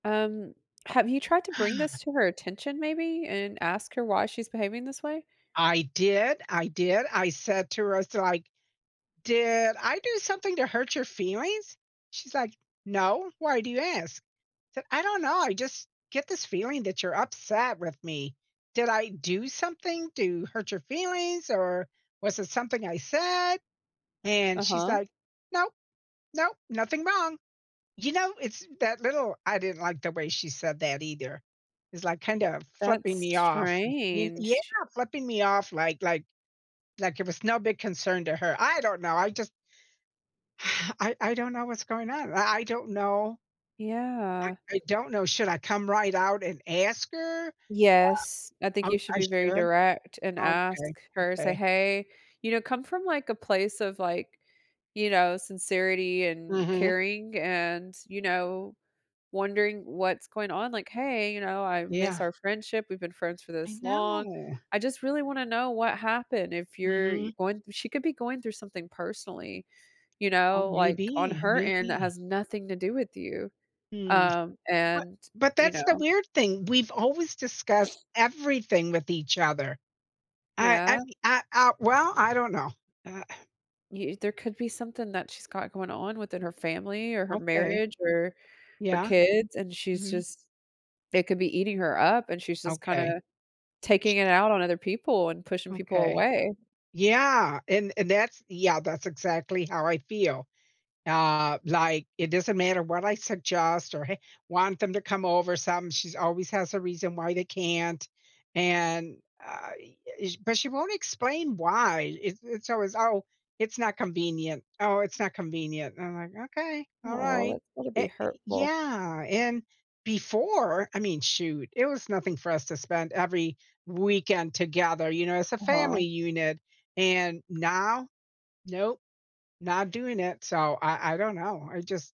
Um, have you tried to bring this to her attention, maybe? And, ask her why she's behaving this way? I did, I did, I said to Rosa, like, "Did I do something to hurt your feelings?" She's like, "No, why do you ask?" Said, "I don't know, I just get this feeling that you're upset with me. Did I do something to hurt your feelings? Or, was it something I said?" and she's Uh-huh. like, "No. No. Nothing wrong." You know? It's that little I didn't like the way she said that either. It's, like, kind of flipping That's me off. Y yeah! strange. Flipping me off, like like like it was no big concern to her, I don't know, I just I I don't know what's going on, I I don't know I Yeah. I don't know, should I come right out and ask her? Yes, I think Um oh, you should I be very should? direct and Okay, ask her, say, okay. "Hey," you know, come from, like, a place of, like, you know, sincerity, and Mhm. caring and, you know, wondering what's going on, like, "Hey," you know, "I miss Yeah. our friendship, we've been friends for I this long. know. I just really wanna know what happened, if you're Mhm. going" she could be going through something personally, you Oh, know? Like, on maybe, her end that maybe. has nothing to do with you. Mm. Um, But and, but you that's the know. weird thing, we've always discussed everything with each other. I I Yeah? mea I, uh well? I don't know. Uh Y there could be something that she's got going on within her family, or her Okay. marriage, or her Yeah? kids, and she's Mhm. just it could be eating her up, and she's just, Okay. kinda taking it out on other people, and pushing people Okay, away. yeah, and and that's yeah, that's exactly how I feel. Uh, like, it doesn't matter what I suggest or hey want them to come over some, she's always has a reason why they can't, and, I I sh but, she won't explain why, it's it's always, "Oh, it's not convenient, oh, it's not convenient," and I'm like, "Okay, Oh, alright." that's gotta be Eh hurtful. yeah, and before, I mean, shoot, it was nothing for us to spend every weekend together, you know, as a Uh-huh. family unit, and now, nope, not doing it, so, I I don't know, I just